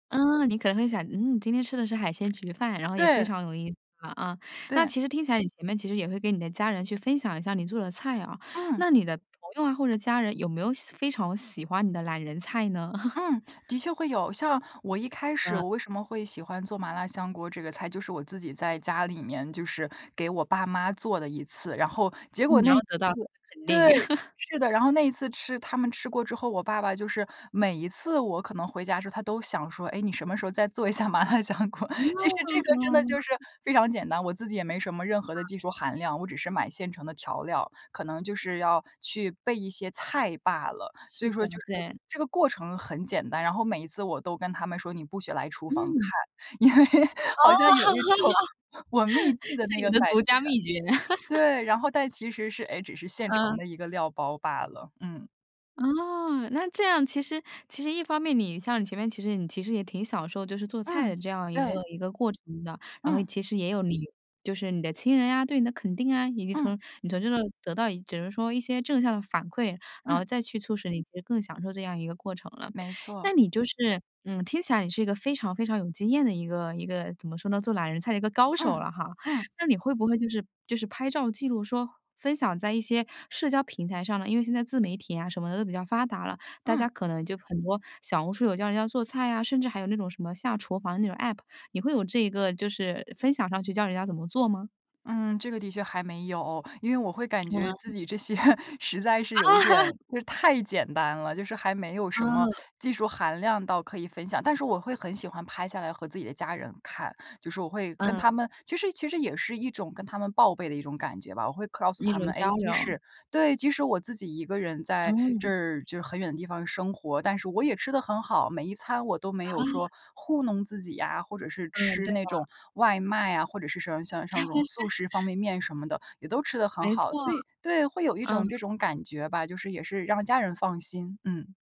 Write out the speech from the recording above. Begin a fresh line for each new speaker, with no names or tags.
嗯，你可能会想，嗯，你今天吃的是海鲜焗饭，然后也非
对。
常有意思啊。那
对。
其实听起来你们其实也会跟你的家人去分享一下你做的菜啊，
嗯。
那你的朋友啊，或者家人有没有喜非常喜欢你的懒人菜呢？
嗯，的确会有。像我一开始
嗯。
我为什么会喜欢做麻辣香锅这个菜，就是我自己在家里面，就是给我爸妈做了一次。然后结
嗯，
果
你要
那一次
得到肯定。
对，是的，然后那一次吃他们吃过之后，我爸爸就是每一次我可能回家之后他都想说，哎，你什么时候再做一下麻辣香锅。其实这个真的
嗯。
就是非常简单，我自己也没什么任何的技术含量，我只是买现成的调料，可能就是要去备一些菜罢了，所
是
以说就
的，
是
对。
这个过程很简单。然后每一次我都跟他们说你不许来厨房
嗯。
看，因为
哦。
好像有一种我密闭的那
是你
个
的
感觉。
独家秘诀。
对，然后但其实是，诶，只是现成
嗯。
的一个料包罢了，嗯。
哦，那这样其实其实一方面你像你前面其实你其实也挺享受就是做菜的
嗯，
这样一个
对。
一个过程的。然后
嗯。
其实也有你就是你的亲人啊，对你的肯定啊，以及
嗯。
从你从这得到只能说一些正向的反馈，然
嗯。
后再去促使你就更享受这样一个过程了。
没
那
错。
你就是，嗯，听起来你是一个非常非常有经验的一个一个怎么说呢，做懒人菜的一个高手
嗯，
了哈。
嗯。
那你会不会就是就是拍照记录说分享在一些社交平台上呢，因为现在自媒体啊什么的都比较发达了，大家
嗯。
可能就很多小红书有教人家做菜啊，甚至还有那种什么下厨房那种 APP，你会有这一个就是分享上去教人家怎么做吗？
嗯，这个的确还没有，因为我会感觉自
嗯。
己这些实在
啊。
是有一点 就是太简单了，就是还没有什么
嗯。
技术含量到可以分享。但是我会很喜欢拍下来和自己的家人看，就是我会跟
嗯。
他们其实其实也是一种跟他们报备的一种感觉吧。我会告诉
一
他们，
种
诶，
交
即
流。
使对，即使我自己一个人在
嗯。
这就是很远的地方生活，但是我也吃得很好，每一餐我都没有
嗯。
说糊弄自己啊，或者是
嗯，
吃
对
那
的。
种外卖啊，或者是说像像那种素食方 便面什么的也都吃得很
没错。
好，所以对，会有一种
嗯。
这种感觉吧，就是也是让家人放心。嗯。